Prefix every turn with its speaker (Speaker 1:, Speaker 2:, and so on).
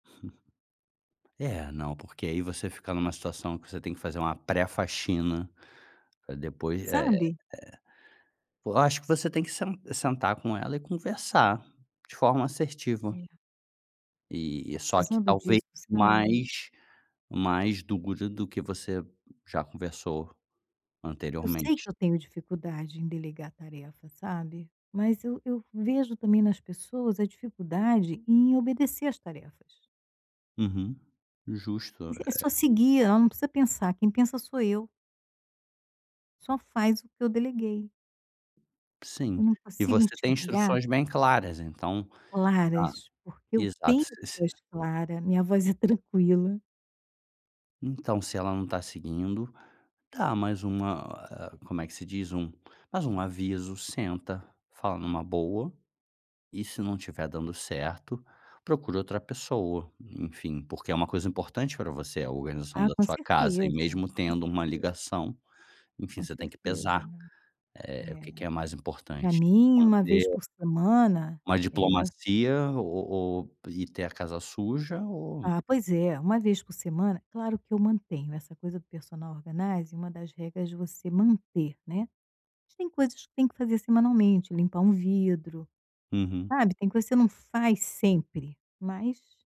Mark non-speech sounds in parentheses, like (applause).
Speaker 1: (chuckles) É, não, porque aí você fica em uma situação que você tem que fazer uma pré-faxina, pra depois é é
Speaker 2: Sabe?
Speaker 1: pô, acho que você tem que sen sentar com ela e conversar de forma assertiva.
Speaker 2: É.
Speaker 1: E
Speaker 2: Estou
Speaker 1: e só que
Speaker 2: precisando
Speaker 1: talvez
Speaker 2: disso, sabe.
Speaker 1: mais mais dura do que você já conversou
Speaker 2: Eu sei
Speaker 1: anteriormente.
Speaker 2: que eu tenho dificuldade em delegar tarefa, sabe. Mas eu eu vejo, também, nas pessoas a dificuldade em obedecer as tarefas.
Speaker 1: Uhum. Justo,
Speaker 2: Mas é só
Speaker 1: eh
Speaker 2: seguir, ela não precisa pensar, quem pensa sou eu. Só faz o que eu deleguei.
Speaker 1: Sim.
Speaker 2: Eu não
Speaker 1: E
Speaker 2: consigo
Speaker 1: você tem
Speaker 2: enxergar
Speaker 1: instruções bem claras, então? Tá.
Speaker 2: Claras, porque eu
Speaker 1: Exato,
Speaker 2: tenho
Speaker 1: s s
Speaker 2: voz clara. Minha voz é (chuckles) tranquila.
Speaker 1: Então se ela não tá seguindo, dá mais uma ah, como é que se diz, um mais um aviso, senta, fala numa boa, e se não estiver dando certo, procure outra pessoa. Enfim, porque é uma coisa importante pra você, a organização
Speaker 2: Ah,
Speaker 1: da
Speaker 2: com
Speaker 1: sua casa, e
Speaker 2: certeza.
Speaker 1: mesmo
Speaker 2: Com
Speaker 1: tendo uma
Speaker 2: certeza.
Speaker 1: ligação, enfim,
Speaker 2: Com
Speaker 1: você tem que
Speaker 2: certeza,
Speaker 1: pesar,
Speaker 2: né.
Speaker 1: eh, o que
Speaker 2: Eh,
Speaker 1: que é mais
Speaker 2: pra
Speaker 1: importante,
Speaker 2: mim, 1 vez
Speaker 1: manter
Speaker 2: por semana
Speaker 1: uma
Speaker 2: é
Speaker 1: diplomacia o ou e ter a casa suja ou
Speaker 2: Ah, pois é. 1 vez por semana claro que eu mantenho, essa coisa do personal organizing, uma das regras você manter, né. Mas tem coisas que tem que fazer semanalmente, limpar um vidro,
Speaker 1: Uhum.
Speaker 2: sabe, tem coisa, que você não faz sempre, mas